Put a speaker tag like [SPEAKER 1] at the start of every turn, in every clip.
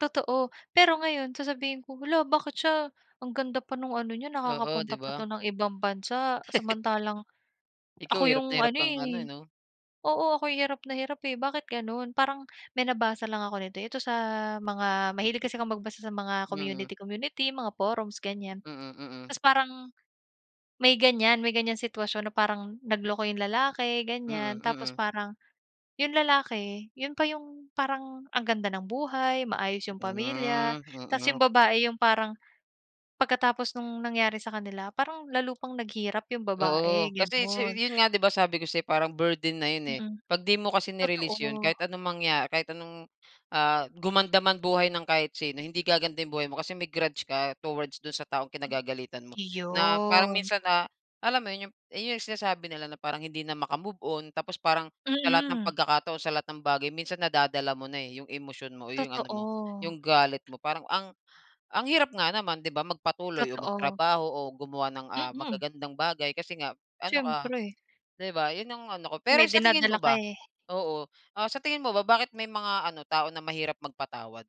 [SPEAKER 1] Totoo, pero ngayon sasabihin ko, hala bakit siya ang ganda pa nung ano niya
[SPEAKER 2] Oo, 'di
[SPEAKER 1] nakakapunta pa 'to
[SPEAKER 2] ba.
[SPEAKER 1] ng ibang bansa. Samantalang ako
[SPEAKER 2] Ikaw hirap
[SPEAKER 1] 'yong
[SPEAKER 2] na
[SPEAKER 1] ano
[SPEAKER 2] hirap kang ano
[SPEAKER 1] eh.
[SPEAKER 2] 'no.
[SPEAKER 1] Oo, ako yung hirap na hirap eh bakit gano'n. Parang may nabasa lang ako nito ito sa mga mahilig kasi kong magbasa sa mga
[SPEAKER 2] Mm.
[SPEAKER 1] community-community, mga forums ganyan.
[SPEAKER 2] Mm, mm.
[SPEAKER 1] Tas parang may ganyan may ganyan sitwasyon na parang nagloko yung lalaki ganyan.
[SPEAKER 2] Mm,
[SPEAKER 1] Tapos
[SPEAKER 2] mm.
[SPEAKER 1] parang yung lalaki, yun pa yung parang ang ganda ng buhay maayos yung
[SPEAKER 2] Hmm,
[SPEAKER 1] pamilya tas yung
[SPEAKER 2] mm.
[SPEAKER 1] babae yung parang pagkatapos nung nangyari sa kanila parang lalo pang naghirap yung babae,
[SPEAKER 2] Oo, kasi si
[SPEAKER 1] gano'n.
[SPEAKER 2] yun nga 'di ba sabi ko sa'yo kasi parang burden na yun eh,
[SPEAKER 1] Mm.
[SPEAKER 2] 'pag di mo kasi ni-release yun
[SPEAKER 1] Totoo.
[SPEAKER 2] kahit anong mangya kahit anong, ah, gumanda man buhay ng kahit sino, hindi gaganda yung buhay mo, kasi may grudge ka towards dun sa taong kinagagalitan mo na parang minsan, ah, alam mo yun sinasabi nila na parang hindi na maka-move on. Tapos parang sa lahat ng
[SPEAKER 1] Mm.
[SPEAKER 2] pagkakataon sa lahat ng bagay minsan nadadala mo na eh, yung emosyon mo o 'yong ano mo,
[SPEAKER 1] Totoo.
[SPEAKER 2] yung galit mo. Parang ang ang hirap nga naman 'di ba magpatuloy o
[SPEAKER 1] Totoo.
[SPEAKER 2] magtrabaho o gumawa ng, ah,
[SPEAKER 1] Mm.
[SPEAKER 2] magagandang bagay. Kasi nga ano
[SPEAKER 1] Siyempre.
[SPEAKER 2] ka,'di ba, yun ang ano ko. Pero
[SPEAKER 1] May
[SPEAKER 2] sa tingin
[SPEAKER 1] dinadala
[SPEAKER 2] mo
[SPEAKER 1] ka
[SPEAKER 2] ba,
[SPEAKER 1] eh.
[SPEAKER 2] oo, ah, sa tingin mo ba bakit may mga ano, tao na mahirap magpatawad?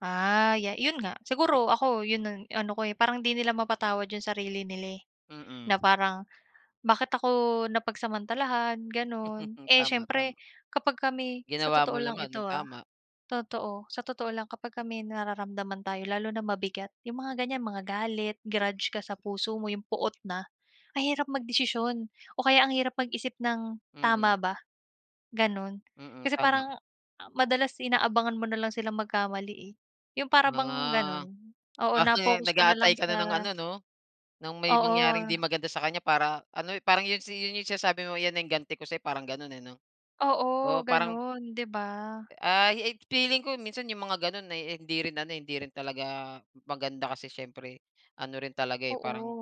[SPEAKER 1] Ah, ya 'yon nga siguro ako 'yon ang ano ko eh, parang 'di nila mapatawad 'yong sarili nila eh,
[SPEAKER 2] Mm.
[SPEAKER 1] na parang bakit ako napagsamantalahan gano'n.
[SPEAKER 2] Mm,
[SPEAKER 1] Eh
[SPEAKER 2] tama,
[SPEAKER 1] siyempre,
[SPEAKER 2] tama.
[SPEAKER 1] kapag kami sa
[SPEAKER 2] Ginawa
[SPEAKER 1] totoo
[SPEAKER 2] mo
[SPEAKER 1] lang
[SPEAKER 2] naman
[SPEAKER 1] ito,
[SPEAKER 2] ng
[SPEAKER 1] ah,
[SPEAKER 2] tama.
[SPEAKER 1] totoo, sa totoo lang kapagka may nararamdaman tayo lalo na mabigat, 'yong mga ganyan mga galit, grudge ka sa puso mo, 'yong poot na ang hirap magdesisyon o kaya ang hirap mag-isip ng
[SPEAKER 2] Mm.
[SPEAKER 1] tama ba, ganun.
[SPEAKER 2] Mm,
[SPEAKER 1] Kasi
[SPEAKER 2] tama.
[SPEAKER 1] parang madalas inaabangan mo na lang silang magkamali eh. Yung para bang
[SPEAKER 2] Ah,
[SPEAKER 1] ganun, oo,
[SPEAKER 2] after nun
[SPEAKER 1] na-focus ka na lang
[SPEAKER 2] nag-aantay ka na
[SPEAKER 1] sa
[SPEAKER 2] ng ano 'no, nang may mangyaring
[SPEAKER 1] Oo.
[SPEAKER 2] 'di maganda sa kanya para ano parang yun si yun yung sinasabi mo yan na yang ganti ko sa'yo parang ganun eh 'no.
[SPEAKER 1] Oo,
[SPEAKER 2] Oo parang
[SPEAKER 1] gano'n, 'di ba.
[SPEAKER 2] Ay eh, feeling ko minsan yung mga ganon ay hindi rin ano hindi rin talaga maganda kasi siyempre ano rin talaga eh,
[SPEAKER 1] Oo
[SPEAKER 2] parang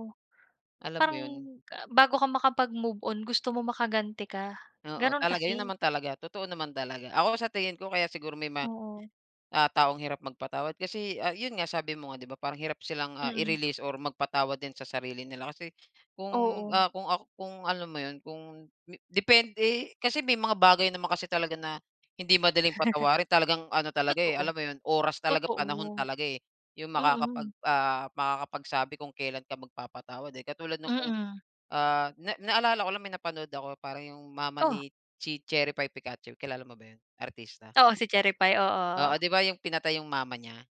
[SPEAKER 2] alam mo
[SPEAKER 1] parang
[SPEAKER 2] yun.
[SPEAKER 1] bago ka makapag-move on gusto mong makaganti ka,
[SPEAKER 2] Oo,
[SPEAKER 1] ganun
[SPEAKER 2] talaga yun
[SPEAKER 1] kasi.
[SPEAKER 2] naman talaga totoo naman talaga. Ako sa tingin ko kaya siguro may mga,
[SPEAKER 1] Oo.
[SPEAKER 2] ah, taong hirap magpatawad kasi, ah, yun nga sabi mo nga 'di ba parang hirap silang, ah,
[SPEAKER 1] Mm.
[SPEAKER 2] i-release or magpatawad din sa sarili nila kasi kung,
[SPEAKER 1] Oo.
[SPEAKER 2] ah, kung, ak kung alam mo yun, kung depende. Kasi may mga bagay naman kasi talaga na hindi madaling patawarin talagang ano talaga eh,
[SPEAKER 1] Totoo,
[SPEAKER 2] alam mo yun, oras talaga panahon
[SPEAKER 1] totoo.
[SPEAKER 2] talaga eh, yung makakapag
[SPEAKER 1] Mm.
[SPEAKER 2] ah makakapagsabi kung kailan ka magpapatawad eh. Katulad ng kung,
[SPEAKER 1] Mm.
[SPEAKER 2] ah, na naalala ko lang may napanood ako parang yung mama
[SPEAKER 1] Oh.
[SPEAKER 2] ni chi Cherry Pie Picache kilala mo ba yun, artista?
[SPEAKER 1] Oo si Cherry Pie,
[SPEAKER 2] Oo,
[SPEAKER 1] oo.
[SPEAKER 2] 'di ba yung pinatay yung mama niya.